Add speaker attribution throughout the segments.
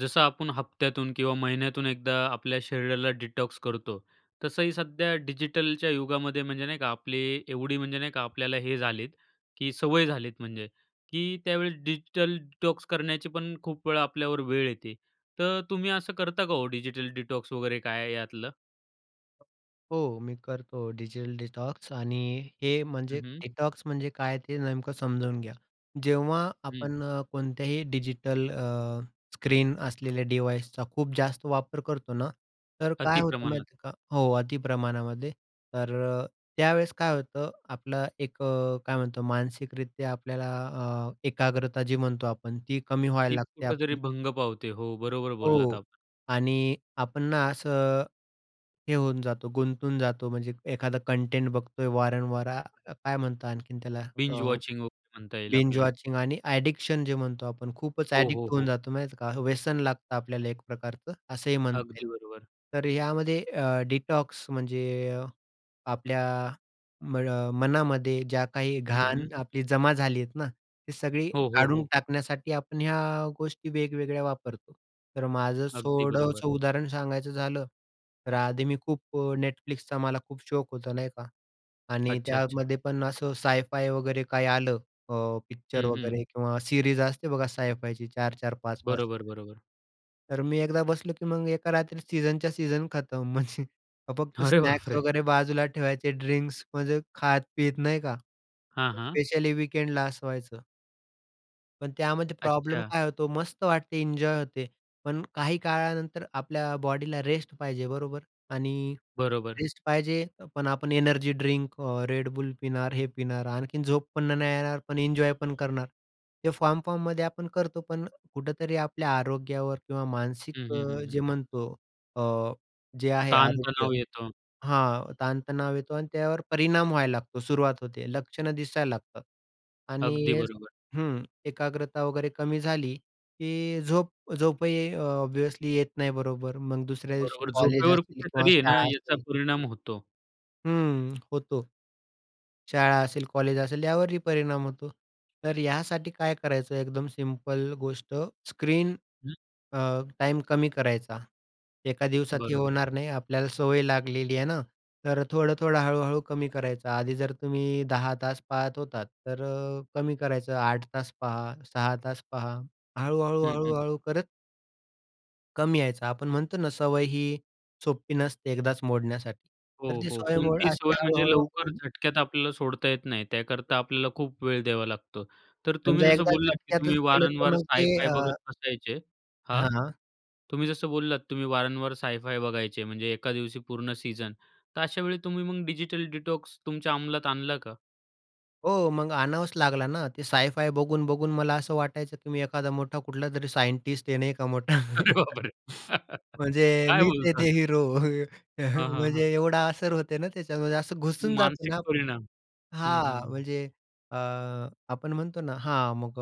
Speaker 1: जसं आपण हप्त्यातून किंवा महिन्यातून एकदा आपल्या शरीराला डिटॉक्स करतो. तसंही सध्या डिजिटलच्या युगामध्ये म्हणजे नाही का? आपली एवढी म्हणजे नाही का? आपल्याला हे झालेत की सवय झालीत, म्हणजे की त्यावेळेस डिजिटल डिटॉक्स करण्याची पण खूप वेळ आपल्यावर वेळ येते. तर तुम्ही असं करता का हो डिजिटल डिटॉक्स वगैरे काय आहे यातलं?
Speaker 2: हो. मी करतो डिजिटल डिटॉक्स आणि हे म्हणजे
Speaker 1: हं, हं.
Speaker 2: डिटॉक्स म्हणजे काय ते नेमकं समजावून घ्या. जेव्हा
Speaker 1: हं.
Speaker 2: आपण कोणत्याही डिजिटल अ, स्क्रीन असलेल्या डिव्हायसचा खूप जास्त वापर करतो ना, तर काय
Speaker 1: अति
Speaker 2: होतं
Speaker 1: प्रमाणात.
Speaker 2: माहिती आहे का? हो. अति प्रमाणामध्ये. तर अ, त्यावेळेस काय होतं? आपलं एक अ, काय म्हणतो मानसिकरित्या आपल्याला अ, एकाग्रता जी म्हणतो आपण ती कमी व्हायला
Speaker 1: ती
Speaker 2: लागते
Speaker 1: कुठेतरी
Speaker 2: आपली.
Speaker 1: भंग पावते. हो, बरोबर
Speaker 2: हो,
Speaker 1: बोललात
Speaker 2: हो,
Speaker 1: आपण.
Speaker 2: आणि आपण ना असं, हे होऊन जातो. गुंतून जातो. म्हणजे एखादं कंटेंट बघतोय वारंवार अ, काय म्हणतात आणखीन त्याला?
Speaker 1: बिंज वॉचिंग वगैरे म्हणता येईल
Speaker 2: बिंज
Speaker 1: आपल्याला.
Speaker 2: वॉचिंग आणि ॲडिक्शन जे म्हणतो आपण खूपच
Speaker 1: हो, हो,
Speaker 2: ॲडिक्ट होऊन
Speaker 1: हो.
Speaker 2: जातो माहीत आहे का? व्यसन लागतं आपल्याला एक प्रकारचं असंही म्हणता येईल.
Speaker 1: अगदी बरोबर.
Speaker 2: तर यामध्ये अ, डिटॉक्स म्हणजे अ, आपल्या मळ मनामध्ये जी काही
Speaker 1: हं,
Speaker 2: घाण
Speaker 1: हं.
Speaker 2: आपली जमा झाली आहेत ना, ती सगळी
Speaker 1: हो, हो,
Speaker 2: काढून
Speaker 1: हो.
Speaker 2: टाकण्यासाठी आपण ह्या गोष्टी वेगवेगळ्या वापरतो. तर माझं
Speaker 1: अगदी बरोबर.
Speaker 2: थोडंसं उदाहरण सांगायचं झालं तर आधी मी खूप Netflixचा मला खूप शौक होता, नाही का? आणि
Speaker 1: अच्छा, अच्छा.
Speaker 2: त्यामध्ये पण असं सायफाय वगैरे काही आलं अ, पिक्चर
Speaker 1: हं, हं.
Speaker 2: वगैरे किंवा सीरीज असते बघा, सायफायची 4-4, 5-5
Speaker 1: बरोबर, बरोबर.
Speaker 2: तर मी एकदा बसलो की मग एका रात्री सीझनच्या सीझन खतम म्हणजे फक्त
Speaker 1: अरे,
Speaker 2: स्नॅक्स
Speaker 1: बापरे!
Speaker 2: वगैरे बाजूला ठेवायचे ड्रिंक्स म्हणजे खात-पीत नाही का?
Speaker 1: हां, हां.
Speaker 2: स्पेशली वीकेंडला असं व्हायचं. पण, त्यामध्ये प्रॉब्लेम
Speaker 1: अच्छा.
Speaker 2: काय होतो, मस्त वाटते, एन्जॉय होते. पण काही काळानंतर, आपल्या बॉडीला रेस्ट पाहिजे बरोबर? आणि
Speaker 1: बरोबर.
Speaker 2: रेस्ट पाहिजे, पण आपण एनर्जी ड्रिंक अ, Red Bull पिणार, हे पिणार, आणखीन झोप पण नाही येणार, पण एन्जॉय पण करणार. ते फॉर्म-फॉर्ममध्ये आपण करतो, पण कुठेतरी, आपल्या आरोग्यावर किंवा मानसिक
Speaker 1: हं, हं,
Speaker 2: अ,
Speaker 1: हं,
Speaker 2: जे
Speaker 1: हं.
Speaker 2: म्हणतो अ, जे आहे आरोग्य
Speaker 1: ताणतणाव येतो.
Speaker 2: हां. ताणतणाव येतो आणि त्यावर परिणाम व्हायला लागतो. सुरुवात होते, लक्षणं दिसायला लागतात आणि
Speaker 1: अगदी बरोबर.
Speaker 2: हं. एकाग्रता वगैरे, कमी झाली की झोप झोपही ऑब्व्हियसली येत नाही बरोबर. मग, दुसऱ्या दिवशी
Speaker 1: बरोबर,
Speaker 2: कॉलेज
Speaker 1: झोपेवर
Speaker 2: असेल किंवा
Speaker 1: कुठेतरी आहे ना,
Speaker 2: शाळा
Speaker 1: याचा
Speaker 2: असेल.
Speaker 1: परिणाम होतो.
Speaker 2: हं. होतो. शाळा असेल, कॉलेज असेल, यावरही परिणाम होतो. तर, यासाठी काय करायचं, एकदम सिंपल गोष्ट स्क्रीन
Speaker 1: हं.
Speaker 2: अ, टाइम कमी करायचा. एका दिवसात हे
Speaker 1: बरोबर.
Speaker 2: होणार नाही, आपल्याला सवय लागलेली आहे ना, तर थोडं-थोडं हळू-हळू कमी करायचं. आधी जर तुम्ही 10 तास पाहत होतात, तर कमी करायचं, 8 तास पहा, 6 तास पहा. हळू-हळू,
Speaker 1: हं, हं.
Speaker 2: हळू-हळू करत. कमी यायचा, आपण म्हणतो ना, सवय ही सोपी नसते एकदाच मोडण्यासाठी,
Speaker 1: हो,
Speaker 2: तर ती
Speaker 1: हो.
Speaker 2: सवय मोड
Speaker 1: कोणती
Speaker 2: अशी
Speaker 1: सवय म्हणजे लवकर
Speaker 2: हळू-हळू-हळू
Speaker 1: झटक्यात आपल्याला सोडता येत नाही, त्याकरता आपल्याला खूप वेळ द्यावा लागतो. तर तुम्ही
Speaker 2: समजा,
Speaker 1: जसं
Speaker 2: एकदा
Speaker 1: बोललात, की
Speaker 2: झटक्यातच
Speaker 1: तुम्ही
Speaker 2: केलं, तर
Speaker 1: वारंवार
Speaker 2: मग ते
Speaker 1: साय-फाय
Speaker 2: अं
Speaker 1: बघत बसायचे, हां.
Speaker 2: हां.
Speaker 1: तुम्ही जसं बोललात तुम्ही वारंवार साय-फाय बघायचे, म्हणजे एका दिवशी पूर्ण सीझन. तर अशावेळी तुम्ही मग डिजिटल डिटॉक्सची तुमच्या अंमलात आणला का?
Speaker 2: हो, मग आणावाच लागला ना. ते साय-फाय बघून-बघून मला असं वाटायचं, की मी एखादा मोठा कुठलातरी सायंटिस्ट आहे, नाही का मोठा.
Speaker 1: अरे, बापरे!
Speaker 2: म्हणजे
Speaker 1: काय
Speaker 2: मीच आहे
Speaker 1: बोलता?
Speaker 2: ते हिरो.
Speaker 1: हां, हां, हां.
Speaker 2: म्हणजे एवढा असर होते ना, त्याच्यामध्ये असं घुसून जातो
Speaker 1: मानसिक
Speaker 2: ना आपण,
Speaker 1: परिणाम. हं, हं,
Speaker 2: हां.
Speaker 1: हं.
Speaker 2: म्हणजे अ, आपण म्हणतो ना, हां. मग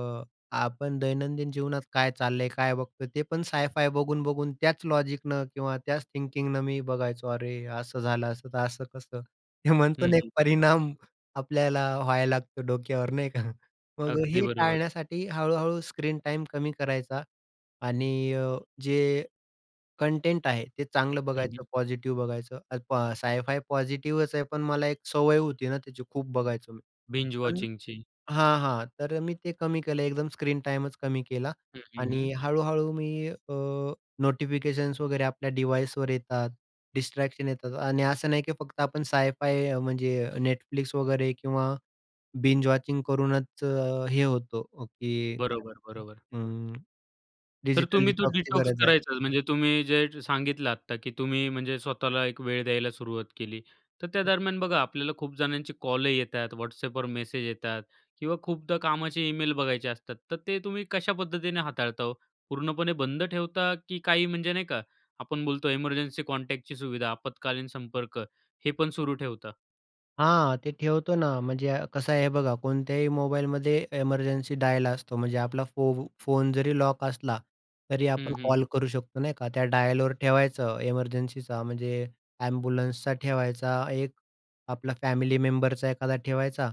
Speaker 2: आपण दैनंदिन जीवनात काय चाललंय, काय बघतो, ते पण साय-फाय बघून-बघून त्याच लॉजिकनं किंवा त्याच थिंकिंगनं मी बघायचो. अरे, असं झालं, असं तर असं कसं? हे
Speaker 1: हं,
Speaker 2: म्हणतो ना, एक
Speaker 1: हं, हं.
Speaker 2: परिणाम आपल्याला व्हायला लागतो डोक्यावर, नाही का. मग
Speaker 1: अगदी
Speaker 2: हे
Speaker 1: बरोबर.
Speaker 2: टाळण्यासाठी हळू-हळू स्क्रीन टाईम कमी करायचा आणि अ, जे कंटेंट आहे ते चांगलं
Speaker 1: हं,
Speaker 2: बघायचं,
Speaker 1: हं.
Speaker 2: पॉझिटिव्ह बघायचं. साय-फाय पॉझिटिव्हच आहे, पण मला एक सवय होती ना त्याची, खूप बघायचो मी,
Speaker 1: बिंज
Speaker 2: पण
Speaker 1: वॉचिंगची.
Speaker 2: हां, हां. तर मी ते कमी केलं, एकदम स्क्रीन टाईमच कमी केला.
Speaker 1: हं, हं, हं.
Speaker 2: आणि हळू-हळू मी अ, नोटिफिकेशन्स वगैरे आपल्या डिवाइसवर येतात, डिस्ट्रॅक्शन येतात. आणि असं नाही, की फक्त आपण साय-फाय म्हणजे Netflix वगैरे किंवा बिंज वॉचिंग करूनच हे होतो, की काय
Speaker 1: बरोबर, बरोबर.
Speaker 2: म्हणतात अ,
Speaker 1: तर
Speaker 2: डिजिटल
Speaker 1: तुम्ही तो
Speaker 2: डिटॉक्सची
Speaker 1: डिटॉक्स
Speaker 2: गरज आहे.
Speaker 1: करायचाच. म्हणजे तुम्ही जे सांगितलं आत्ता, की तुम्ही म्हणजे स्वतःला एक वेळ द्यायला सुरुवात केली. तर त्या दरम्यान बघा, आपल्याला खूप जणांचे कॉलही येतात, WhatsAppवर मेसेज येतात किंवा खूपदा कामाचे ईमेल बघायचे असतात. तर ते तुम्ही कशा पद्धतीने हाताळता हो? पूर्णपणे बंद ठेवता की काही, म्हणजे नाही का, आपण बोलतो एमर्जन्सी कॉन्टॅक्टची सुविधा, आपत्कालीन संपर्क हे पण सुरू ठेवता?
Speaker 2: हां, ते ठेवतो ना म्हणजे कसं आहे बघा कोणत्याही मोबाईलमध्ये एमर्जन्सी डायल असतो म्हणजे आपला फो फोन जरी लॉक असला तरी
Speaker 1: हं,
Speaker 2: आपण
Speaker 1: हं, हं.
Speaker 2: कॉल करू शकतो नाही का. त्या डायलवर ठेवायचं. एमर्जन्सीचा म्हणजे एम्ब्युलन्सचा ठेवायचा, एक आपला फॅमिली मेंबरचा एखादा ठेवायचा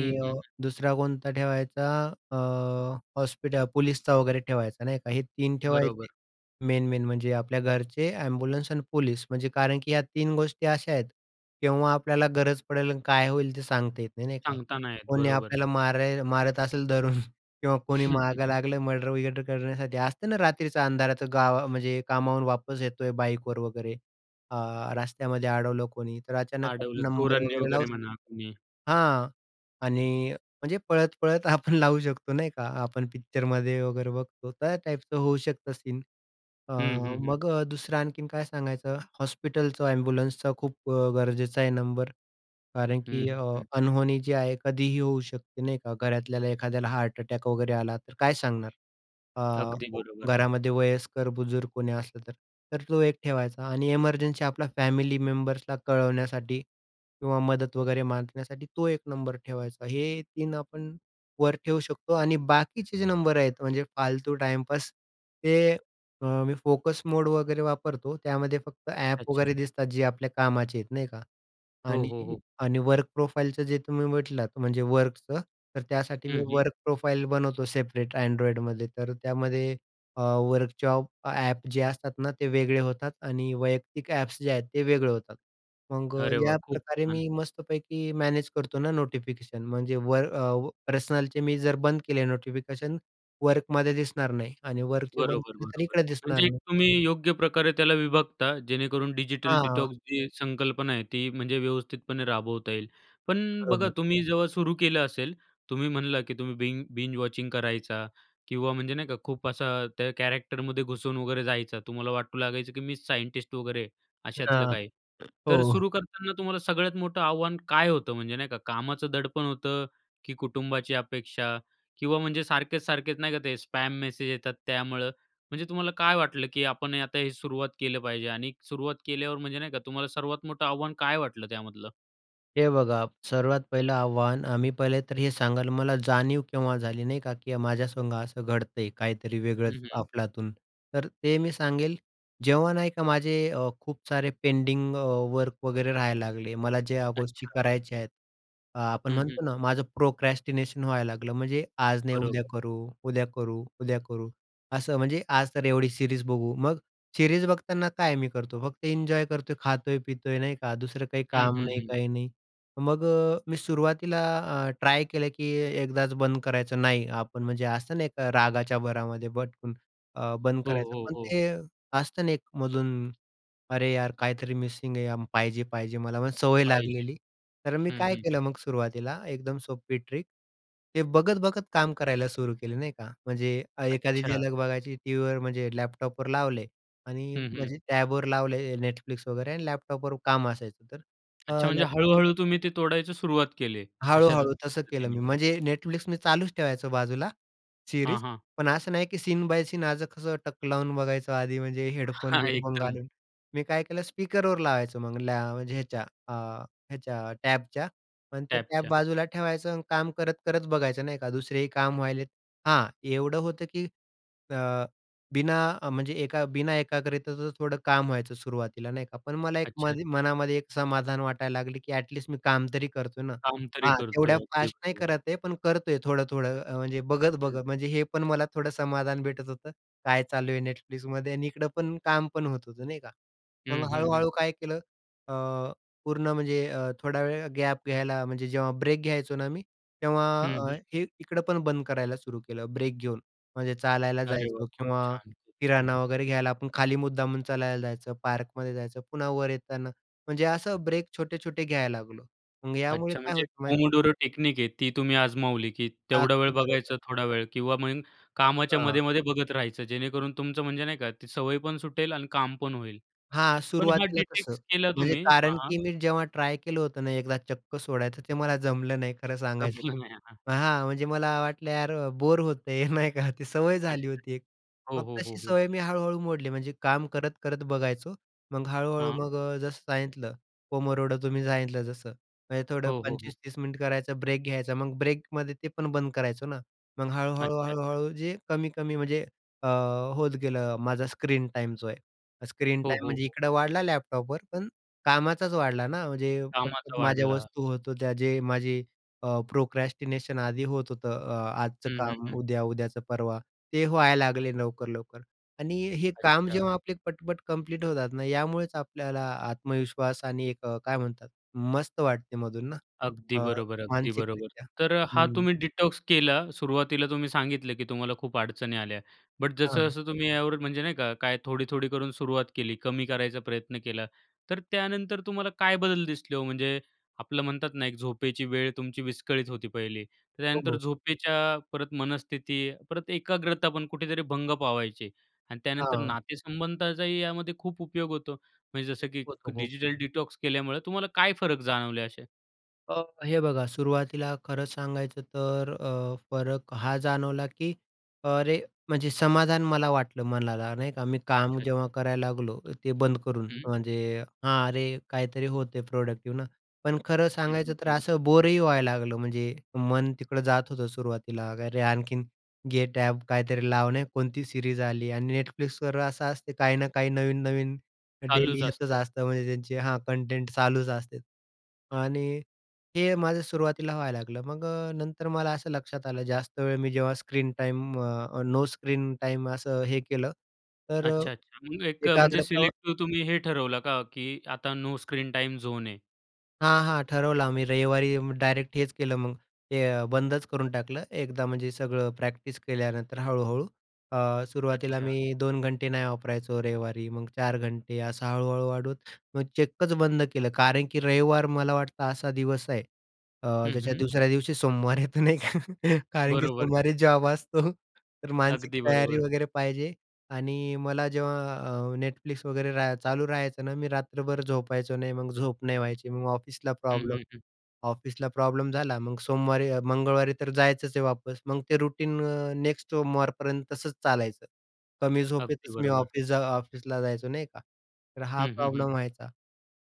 Speaker 1: हं, हं,
Speaker 2: अ,
Speaker 1: हं.
Speaker 2: दुसरा कोणता ठेवायचा अं, हॉस्पिटल, पोलिसचा वगैरे ठेवायचा नाही का. हे 3 ठेवायचे.
Speaker 1: बरोबर.
Speaker 2: मेन मेन, म्हणजे आपल्या घरचे, एम्ब्युलन्स आणि पोलीस म्हणजे कारण की या 3 गोष्टी अशा आहेत केव्हा आपल्याला गरज पडेल आणि काय होईल ते सांगता येत नाही, नाही का.
Speaker 1: सांगत नाही येत.
Speaker 2: कोणी
Speaker 1: बरोबर.
Speaker 2: आपल्याला मार मारत असेल धरून, किंवा कोणी मागं लागलं मर्डर-बिर्डर करण्यासाठी. असतं ना रात्रीचा अंधाराचं गाव म्हणजे कामावरून वापस येतोय बाईकवर वगैरे अ, रस्त्यामध्ये अडवलं कोणी तर अचानक आपण
Speaker 1: अडवलं
Speaker 2: नंबर
Speaker 1: चोरांनी
Speaker 2: वगैरे लावू
Speaker 1: वगैरे म्हणा
Speaker 2: शकतो.
Speaker 1: कुणी.
Speaker 2: हां. आणि म्हणजे पळत-पळत आपण लावू शकतो नाही का. आपण पिक्चरमध्ये वगैरे बघतो त्या टाईपचं होऊ शकतं सीन. अ,
Speaker 1: हं, हं, हं.
Speaker 2: मग दुसरं आणखीन काय सांगायचं हॉस्पिटलचा एम्ब्युलन्सचा खूप गरजेचा आहे नंबर कारण
Speaker 1: हं,
Speaker 2: की अ,
Speaker 1: हं.
Speaker 2: अनहोनी जी आहे कधीही होऊ शकते नाही का. घरातल्याला एखाद्याला हार्ट अटॅक वगैरे आला तर काय सांगणार.
Speaker 1: अगदी
Speaker 2: अ,
Speaker 1: बरोबर.
Speaker 2: घरामध्ये वयस्कर, बुजुर्ग कोणी असलं तर तर तो एक ठेवायचा. आणि एमर्जन्सी आपल्याला फॅमिली मेंबर्सला कळवण्यासाठी किंवा मदत वगैरे मागण्यासाठी तो एक नंबर ठेवायचा. हे 3 आपण वर ठेवू शकतो आणि बाकीचे जे नंबर आहेत म्हणजे फालतू टाइमपास ते मी फोकस मोड वगैरे वापरतो. त्यामध्ये फक्त
Speaker 1: अच्छा,
Speaker 2: ॲप
Speaker 1: अच्छा.
Speaker 2: वगैरे दिसतात जे आपल्या कामाचे आहेत नाही का.
Speaker 1: हो,
Speaker 2: आणि
Speaker 1: हो, हो.
Speaker 2: आणि वर्क प्रोफाइलचं जे तुम्ही म्हटलात म्हणजे वर्कचं तर त्यासाठी मी
Speaker 1: हं, हं.
Speaker 2: वर्क प्रोफाईल बनवतो सेपरेट Androidमध्ये. तर त्यामध्ये वर्कशॉप ॲप जे असतात ना ते वेगळे होतात आणि वैयक्तिक ॲप्स जे आहेत ते वेगळे होतात. मग
Speaker 1: अरे वाह, खूप
Speaker 2: याप्रकारे
Speaker 1: छान!
Speaker 2: मी मस्तपैकी मॅनेज करतो ना नोटिफिकेशन म्हणजे वर पर्सनलचे मी जर बंद केले नोटिफिकेशन वर्कमध्ये दिसणार नाही आणि वर्कचे बंद
Speaker 1: बरोबर,
Speaker 2: केले तर
Speaker 1: बरोबर.
Speaker 2: इकडं दिसणार
Speaker 1: म्हणजे
Speaker 2: नाही.
Speaker 1: तुम्ही योग्य प्रकारे त्याला विभागता जेणेकरून डिजिटल
Speaker 2: हां.
Speaker 1: डिटॉक्स जी संकल्पना आहे ती म्हणजे व्यवस्थितपणे राबवता येईल. पण बघा
Speaker 2: बरोबर.
Speaker 1: तुम्ही जेव्हा सुरू केलं असेल तुम्ही म्हणलं की तुम्ही बिन बिंज वॉचिंग करायचा किंवा म्हणजे नाही का खूप असा त्या कॅरॅक्टरमध्ये घुसून वगैरे जायचा. तुम्हाला वाटू लागायचं की मी सायंटिस्ट वगैरे अशातलं
Speaker 2: हां,
Speaker 1: काही, तर
Speaker 2: हो.
Speaker 1: सुरू करताना तुम्हाला सगळ्यात मोठं आव्हान काय होतं म्हणजे नाही का कामाचं दडपण होतं, की कुटुंबाची अपेक्षा? किंवा म्हणजे सारखेच-सारखेच नाही का ते स्पॅम मेसेज येतात त्यामुळं, म्हणजे तुम्हाला काय वाटलं की आपण आता हे सुरुवात केलं पाहिजे? आणि सुरुवात केल्यावर म्हणजे नाही का तुम्हाला सर्वात मोठं आव्हान काय वाटलं त्यामधलं?
Speaker 2: हे बघा सर्वात पहिलं आव्हान, अ, मी पहिले तर हे सांगाल मला जाणीव केव्हा झाली नाही का, की माझ्या संग असं घडतंय काहीतरी वेगळंच
Speaker 1: हं, हं.
Speaker 2: अफलातून. तर ते मी सांगेल, जेव्हा नाही का माझे अ, खूप सारे पेंडिंग अ, वर्क वगैरे राहायला लागले. मला ज्या गोष्टी
Speaker 1: अच्छा.
Speaker 2: करायच्या आहेत, अ, आपण
Speaker 1: हं, हं.
Speaker 2: म्हणतो ना माझं प्रोक्रॅस्टिनेशन व्हायला लागलं म्हणजे आज नाही उद्या
Speaker 1: बरोबर.
Speaker 2: करू, उद्या करू, उद्या करू असं. म्हणजे आज तर एवढी सीरीज बघू. मग सीरीज बघताना काय मी करतो फक्त एन्जॉय करतोय, खातोय-पितोय नाही का, दुसरं काही
Speaker 1: हं,
Speaker 2: काम
Speaker 1: हं,
Speaker 2: नाही,
Speaker 1: हं.
Speaker 2: काही नाही. मग अ, मी सुरुवातीला अ, ट्राय केलं की एकदाच बंद करायचं नाही आपण. म्हणजे असतं नाही का रागाच्या भरामध्ये पटकन अ, बंद
Speaker 1: हो,
Speaker 2: करायचं.
Speaker 1: हो,
Speaker 2: पण
Speaker 1: हो.
Speaker 2: ते असतं ना एक मधून, अरे यार काहीतरी मिसिंग आहे, पाहिजे, पाहिजे मला, पण सवय
Speaker 1: पाहिजे.
Speaker 2: लागलेली. तर मी
Speaker 1: हं
Speaker 2: काय
Speaker 1: हं.
Speaker 2: केलं मग सुरुवातीला एकदम सोपी ट्रिक. ते बघत-बघत काम करायला सुरू केलं नाही का, म्हणजे एखादी
Speaker 1: अच्छा.
Speaker 2: झलक बघायची टीव्हीवर, म्हणजे लॅपटॉपवर लावले आणि
Speaker 1: हं, हं.
Speaker 2: म्हणजे टॅबवर लावले Netflix वगैरे, आणि लॅपटॉपवर काम असायचं तर अ,
Speaker 1: अच्छा, म्हणजे
Speaker 2: लॅपटॉपवर
Speaker 1: हळू-हळू तुम्ही ते तोडायची सुरुवात केले. अशा द
Speaker 2: हळू-हळू तसं केलं मी.
Speaker 1: पद्धतीने.
Speaker 2: म्हणजे Netflix मी चालूच ठेवायचो बाजूला
Speaker 1: हां,
Speaker 2: सीरीज.
Speaker 1: हां.
Speaker 2: पण असं नाही की सीन बाय सीन आज कसं टक लावून बघायचं आधी, म्हणजे
Speaker 1: हां,
Speaker 2: हेडफोन-बिडफोन
Speaker 1: एकदम.
Speaker 2: घालून. मी काय केलं, स्पीकरवर लावायचो मग लॅ म्हणजे ह्याच्या अ, ह्याच्या टॅबच्या आणि ते टॅब
Speaker 1: टॅबच्या.
Speaker 2: बाजूला ठेवायचं आणि काम करत करत बघायचं नाही का, दुसरेही काम व्हायलेत. हां, एवढं होतं की अ, बिना अ, म्हणजे एका बिना एकाग्रतेचं थोडं काम व्हायचं सुरुवातीला नाही का. पण मला एक
Speaker 1: अच्छा.
Speaker 2: माझ्या मनामध्ये एक समाधान वाटायला लागली की एटलीस्ट मी काम तरी करतोय ना.
Speaker 1: काम तरी
Speaker 2: हां,
Speaker 1: करतोय.
Speaker 2: तेवढ्या
Speaker 1: अगदी
Speaker 2: फास्ट नाही
Speaker 1: बरोबर.
Speaker 2: करत आहे पण करतोय थोडं-थोडं. अ, म्हणजे
Speaker 1: हं.
Speaker 2: बघत-बघत. म्हणजे हे पण मला थोडं समाधान भेटत होतं काय चालू आहे Netflixमध्ये आणि इकडं काम पण होत होतं नाही का. मग
Speaker 1: हं, हं, हं.
Speaker 2: हळू-हळू काय केलं, अ, पूर्ण म्हणजे अ, थोडा वेळ गॅप घ्यायला, म्हणजे जेव्हा ब्रेक घ्यायचो ना मी, तेव्हा
Speaker 1: हं,
Speaker 2: अ,
Speaker 1: हं.
Speaker 2: हे इकडं पण बंद करायला सुरू केलं. ब्रेक घेऊन म्हणजे चालायला
Speaker 1: अरे वाह!
Speaker 2: जायचो
Speaker 1: खूप
Speaker 2: किंवा
Speaker 1: छान. खूप छान.
Speaker 2: किराणा वगैरे घ्यायला आपण खाली मुद्दामून चालायला जायचं, पार्कमध्ये जायचं. पुन्हा वर येताना म्हणजे असं ब्रेक छोटे-छोटे घ्यायला लागलो. मग यामुळे
Speaker 1: अच्छा,
Speaker 2: काय
Speaker 1: म्हणजे
Speaker 2: होतं माहिती
Speaker 1: पोमोडोर टेक्निक आहे, ती तुम्ही आजमावली. की तेवढा वेळ
Speaker 2: अगदी बरोबर.
Speaker 1: बघायचा थोडा वेळ किंवा मग कामाच्या
Speaker 2: हां.
Speaker 1: मध्ये-मध्ये बघत राहायचं जेणेकरून तुमचं म्हणजे नाही का ती सवय पण सुटेल आणि काम पण होईल
Speaker 2: हां,
Speaker 1: .पण हा
Speaker 2: सुरुवातीला तसं.
Speaker 1: डिटॉक्स केला
Speaker 2: म्हणजे
Speaker 1: तुम्ही.
Speaker 2: कारण
Speaker 1: हां.
Speaker 2: की मी जेव्हा ट्राय केलं होतं ना एकदा चक्क सोडायचं ते मला जमलं नाही खरं सांगायचं तर.
Speaker 1: जमलं नाही.
Speaker 2: हां, म्हणजे मला वाटलं यार बोर होत आहे नाही का ते सवय झाली
Speaker 1: अच्छा.
Speaker 2: होती एक.
Speaker 1: हो,
Speaker 2: मग
Speaker 1: हो, हो,
Speaker 2: तशी
Speaker 1: हो.
Speaker 2: सवय मी हळू-हळू मोडली म्हणजे काम करत करत बघायचो मग हळू-हळू
Speaker 1: हां.
Speaker 2: मग अ, जसं सांगितलं पोमोडोरो तुम्ही सांगितलं जसं. म्हणजे थोडं
Speaker 1: हो, हो, हो.
Speaker 2: 25-30 मिनिट करायचं ब्रेक घ्यायचा मग ब्रेकमध्ये ते पण बंद करायचो ना. मग
Speaker 1: अच्छा. अच्छा.
Speaker 2: हळू-हळू-हळू-हळू जे कमी-कमी म्हणजे अ, होत गेलं अ, माझा स्क्रीन टाईम जो आहे. स्क्रीन
Speaker 1: हो,
Speaker 2: टाईम
Speaker 1: हो,
Speaker 2: म्हणजे
Speaker 1: हो.
Speaker 2: इकडं वाढला लॅपटॉपवर पण कामाचाच वाढला ना म्हणजे
Speaker 1: कामाचा
Speaker 2: पटपट माझ्या
Speaker 1: वाढला.
Speaker 2: वस्तू होत होत्या जे माझे अ, प्रोक्रॅस्टिनेशन आधी होत होतं अ, आजचं
Speaker 1: हं, हं,
Speaker 2: काम
Speaker 1: हं.
Speaker 2: उद्या, उद्याचं परवा, ते व्हायला लागले लवकर-लवकर आणि हे काम
Speaker 1: अच्छा.
Speaker 2: जेव्हा आपले पटपट कंप्लीट होतात ना यामुळेच आपल्याला आत्मविश्वास आणि एक अ, काय म्हणतात मस्त वाटते मधून ना
Speaker 1: अगदी
Speaker 2: अ,
Speaker 1: बरोबर, अगदी बरोबर.
Speaker 2: मानसिकरित्या.
Speaker 1: तर हा
Speaker 2: हं.
Speaker 1: तुम्ही डिटॉक्स केला सुरुवातीला तुम्ही सांगितलं की तुम्हाला खूप अडचणी आल्या. बट
Speaker 2: हां.
Speaker 1: जसं-जसं तुम्ही यावर म्हणजे नाही का काय थोडी-थोडी करून सुरुवात केली. कमी करायचा प्रयत्न केला. तर त्यानंतर तुम्हाला काय बदल दिसले हो? म्हणजे आपलं म्हणतात ना एक झोपेची वेळ तुमची विस्कळीत होती पहिली. तर
Speaker 2: हो,
Speaker 1: त्यानंतर
Speaker 2: हो.
Speaker 1: झोपेच्या परत मनस्थिती परत एकाग्रता पण कुठेतरी भंग पावायची आणि त्यानंतर
Speaker 2: हां.
Speaker 1: नातेसंबंधाचाही यामध्ये खूप उपयोग होतो म्हणजे जसं की
Speaker 2: [unintelligible]
Speaker 1: डिजिटल डिटॉक्स केल्यामुळं तुम्हाला काय फरक जाणवले असे?
Speaker 2: अ, हे बघा, सुरुवातीला खरंच सांगायचं तर अ, फरक हा जाणवला, की अरे, म्हणजे समाधान मला वाटलं मनाला, नाही का. मी काम
Speaker 1: अच्छा, अच्छा.
Speaker 2: जेव्हा करायला लागलो ते बंद करून,
Speaker 1: हं.
Speaker 2: म्हणजे हां, अरे काहीतरी होते, प्रॉडक्टिव्ह ना. पण खरं
Speaker 1: हं, हं,
Speaker 2: सांगायचं तर
Speaker 1: हं.
Speaker 2: असं बोरही व्हायला लागलं. म्हणजे मन तिकडं जात होतं सुरुवातीला, अरे, आणखीन गेट ॲप काहीतरी लावणे, कोणती सीरीज आली आणि Netflixवर असं असते, काही ना काही नवीन-नवीन डेली
Speaker 1: चालूच
Speaker 2: येतच
Speaker 1: असतंय.
Speaker 2: असतं, म्हणजे त्यांचे हां. कंटेंट चालूच असते. आणि हे माझं सुरुवातीला व्हायला लागलं. मग अ, नंतर मला असं लक्षात आलं, जास्त वेळ मी जेव्हा स्क्रीन टाईम अ, नो स्क्रीन टाईम असं हे केलं, तर
Speaker 1: अच्छा, अच्छा. मग एक म्हणजे
Speaker 2: एकाग्रता
Speaker 1: सिलेक्टीव तुम्ही हे ठरवलं का, की आता नो स्क्रीन टाइम झोन आहे?
Speaker 2: हां, हां. ठरवलं आम्ही रविवारी डायरेक्ट हेच केलं, मग ते अ, बंदच करून टाकलं. एकदा म्हणजे सगळं प्रॅक्टिस केल्यानंतर हळूहळू. अ, सुरुवातीला
Speaker 1: अच्छा.
Speaker 2: मी 2 घंटे नाही वापरायचो रविवारी, मग 4 घंटे, असं हळू-हळू वाढून मग चक्कच बंद केलं. कारण की रविवार मला वाटतं असा दिवस आहे अ,
Speaker 1: हं,
Speaker 2: ज्याच्या
Speaker 1: हं.
Speaker 2: दुसऱ्या दिवशी सोमवार येतो नाही का. कारण की
Speaker 1: बरोबर.
Speaker 2: सोमवारी जॉब असतो, तर मानसिक
Speaker 1: अगदी
Speaker 2: तयारी
Speaker 1: बरोबर.
Speaker 2: वगैरे पाहिजे. आणि मला जेव्हा अ, Netflix वगैरे राहाय चालू राहायचं ना, मी रात्रभर झोपायचो नाही. मग झोप नाही व्हायची, मग ऑफिसला
Speaker 1: हं,
Speaker 2: प्रॉब्लेम,
Speaker 1: हं, हं.
Speaker 2: ऑफिसला प्रॉब्लेम झाला, मग सोमवारी अ, मंगळवारी तर जायचंच आहे वापस. मग ते रुटीन अ, नेक्स्ट सोमवारपर्यंत तसंच चालायचं. कमी
Speaker 1: अगदी
Speaker 2: झोपेतच मी
Speaker 1: बरोबर.
Speaker 2: ऑफिस जा ऑफिसला जायचो. नाही का. तर हा
Speaker 1: हं, हं, हं.
Speaker 2: प्रॉब्लेम व्हायचा.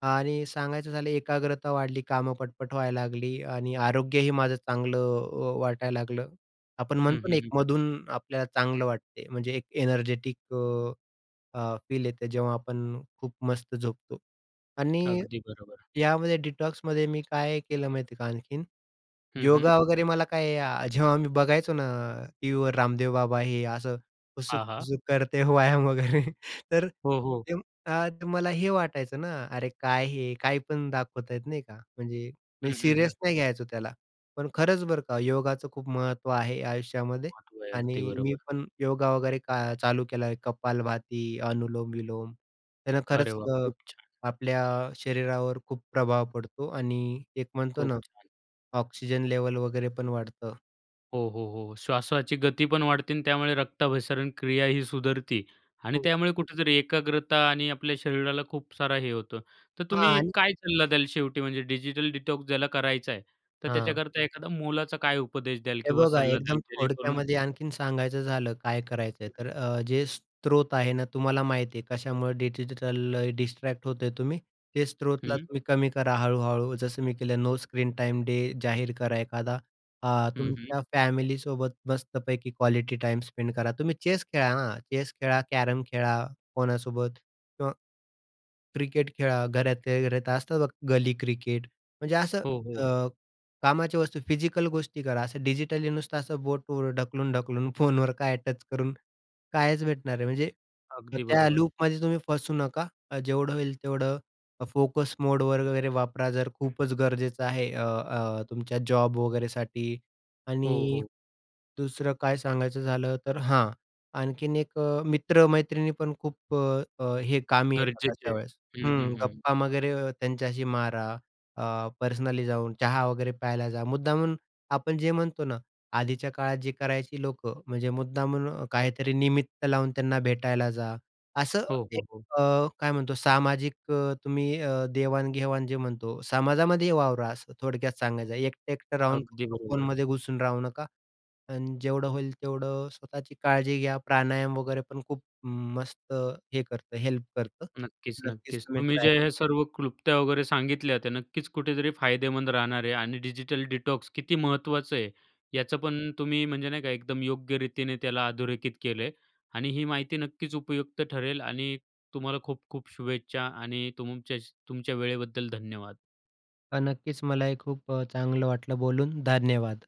Speaker 2: आणि सांगायचं झालं, एकाग्रता वाढली, कामं पटपट व्हायला लागली. आणि आरोग्यही माझं चांगलं अ, वाटायला लागलं. आपण
Speaker 1: हं,
Speaker 2: म्हणतो ना,
Speaker 1: हं,
Speaker 2: एक
Speaker 1: हं, हं.
Speaker 2: मधून आपल्याला चांगलं वाटते, म्हणजे एक एनर्जेटिक अ, फील येते. जेव्हा आपण खूप मस्त झोपतो. आणि
Speaker 1: अगदी बरोबर.
Speaker 2: यामध्ये डिटॉक्समध्ये मी काय केलं माहिती आहे का आणखीन?
Speaker 1: हं, हं.
Speaker 2: योगा वगैरे, मला काय जेव्हा मी बघायचो ना टीव्हीवर रामदेव बाबा, हे असं
Speaker 1: हां, हां.
Speaker 2: हुसुक-हुसुक करते, व्यायाम वगैरे. तर
Speaker 1: हो, हो.
Speaker 2: तेव्हा मला हे वाटायचं ना, अरे काय हे, काय पण दाखवत आहेत, नाही का? म्हणजे मी
Speaker 1: हं, हं, हं.
Speaker 2: सीरियस नाही घ्यायचो त्याला. पण खरंच बरं का, योगाचं खूप महत्त्व आहे आयुष्यामध्ये
Speaker 1: महत्व आहे.
Speaker 2: आणि
Speaker 1: अगदी
Speaker 2: मी
Speaker 1: बरोबर.
Speaker 2: पण योगा वगैरे का चालू केला आहे. कपालभाती, अनुलोम विलोम, त्यानं
Speaker 1: अरे
Speaker 2: खरंच
Speaker 1: वाह!
Speaker 2: अ,
Speaker 1: खूप छान.
Speaker 2: आपल्या शरीरावर खूप प्रभाव पडतो. आणि एक म्हणतो
Speaker 1: खूप
Speaker 2: ना,
Speaker 1: छान.
Speaker 2: ऑक्सिजन लेव्हल वगैरे पण वाढतं.
Speaker 1: हो, हो, हो. श्वासाची गती पण वाढते आणि त्यामुळे रक्ताभिसरण क्रियाही सुधरते. आणि
Speaker 2: हो.
Speaker 1: त्यामुळे कुठेतरी एकाग्रता आणि आपल्या शरीराला खूप सारा हे होतो. तर तुम्ही
Speaker 2: आण.
Speaker 1: काय सल्ला द्याल शेवटी म्हणजे डिजिटल डिटॉक्स ज्याला करायचा आहे. तर
Speaker 2: हां.
Speaker 1: त्याच्याकरता एखादा मोलाचा काय उपदेश द्याल
Speaker 2: हे
Speaker 1: किंवा
Speaker 2: बघा
Speaker 1: सल्ला
Speaker 2: एकदम
Speaker 1: द्याल. जेणेकरून
Speaker 2: थोडक्यामध्ये आणखीन सांगायचं झालं काय करायचं आहे. तर जे स्रोत आहे ना, तुम्हाला माहीत आहे कशामुळं डिजिटल डिस्ट्रॅक्ट होत आहे. तुम्ही ते स्त्रोतला
Speaker 1: हं.
Speaker 2: तुम्ही कमी करा हळू-हळू. जसं मी केलं नो स्क्रीन टाइम डे जाहीर करा एखादा. अ,
Speaker 1: हं, हं.
Speaker 2: तुमच्या फॅमिलीसोबत मस्तपैकी क्वालिटी टाइम स्पेंड करा. तुम्ही चेस खेळा, हां, चेस खेळा, कॅरम खेळा, कोणासोबत किंवा क्रिकेट खेळा, घरातल्या घरात असतं बघा, गली क्रिकेट म्हणजे असं
Speaker 1: हो,
Speaker 2: अ,
Speaker 1: हो.
Speaker 2: कामाची वस्तू फिजिकल गोष्टी करा. असं डिजिटली नुसतं असं बोटवर ढकलून-ढकलून फोनवर काय टच करून कायच भेटणार आहे? म्हणजे
Speaker 1: अगदी
Speaker 2: त्या
Speaker 1: बरोबर.
Speaker 2: लूपमध्ये तुम्ही फसू नका जेवढं होईल तेवढं फोकस मोडवर वगैरे वापरा. जर खूपच गरजेचं आहे अ, अ, तुमच्या जॉब वगैरेसाठी
Speaker 1: हो,
Speaker 2: आणि
Speaker 1: हो.
Speaker 2: दुसरं काय सांगायचं झालं, तर हां, आणखीन एक मित्र-मैत्रिणी पण खूप अ, अ, हे कामी येतात
Speaker 1: गरजेचे
Speaker 2: अशा
Speaker 1: आहे.
Speaker 2: वेळेस.
Speaker 1: हं,
Speaker 2: हं.
Speaker 1: हं, हं.
Speaker 2: गप्पा वगैरे त्यांच्याशी मारा अ, पर्सनली जाऊन. चहा वगैरे प्यायला जा. मुद्दामून आपण जे म्हणतो ना, आधीच्या काळात जी करायची लोकं म्हणजे मुद्दामून काहीतरी निमित्त लावून त्यांना भेटायला जा. असं
Speaker 1: हो,
Speaker 2: एक
Speaker 1: हो, हो.
Speaker 2: अ, काय म्हणतो सामाजिक अ, तुम्ही अ, देवाण-घेवाण जे म्हणतो समाजामध्ये वावरा असं थोडक्यात सांगायचं आहे एकटं एकटं राहून
Speaker 1: अगदी
Speaker 2: फक्त
Speaker 1: बरोबर.
Speaker 2: फोनमध्ये घुसून राहू नका आणि जेवढं होईल तेवढं स्वतःची काळजी घ्या. प्राणायाम वगैरे पण खूप मस्त हे करतं हेल्प करतं.
Speaker 1: नक्कीच,
Speaker 2: नक्कीच
Speaker 1: नक्कीच
Speaker 2: तुम्ही
Speaker 1: तुम्ही
Speaker 2: ट्राय
Speaker 1: जे हे सर्व क्लुप्त्या वगैरे सांगितल्या त्या नक्कीच कुठेतरी फायदेमंद राहणार आहे आणि डिजिटल डिटॉक्स किती महत्त्वाचं आहे. याचं पण तुम्ही म्हणजे नाही का एकदम योग्य रीतीने त्याला अधोरेखित केलं आहे आणि ही माहिती नक्कीच उपयुक्त ठरेल आणि तुम्हाला खूप-खूप शुभेच्छा आणि तुमचेच तुमच्या वेळेबद्दल धन्यवाद.
Speaker 2: अ, नक्कीच मला हे खूप अ, चांगलं वाटलं बोलून धन्यवाद.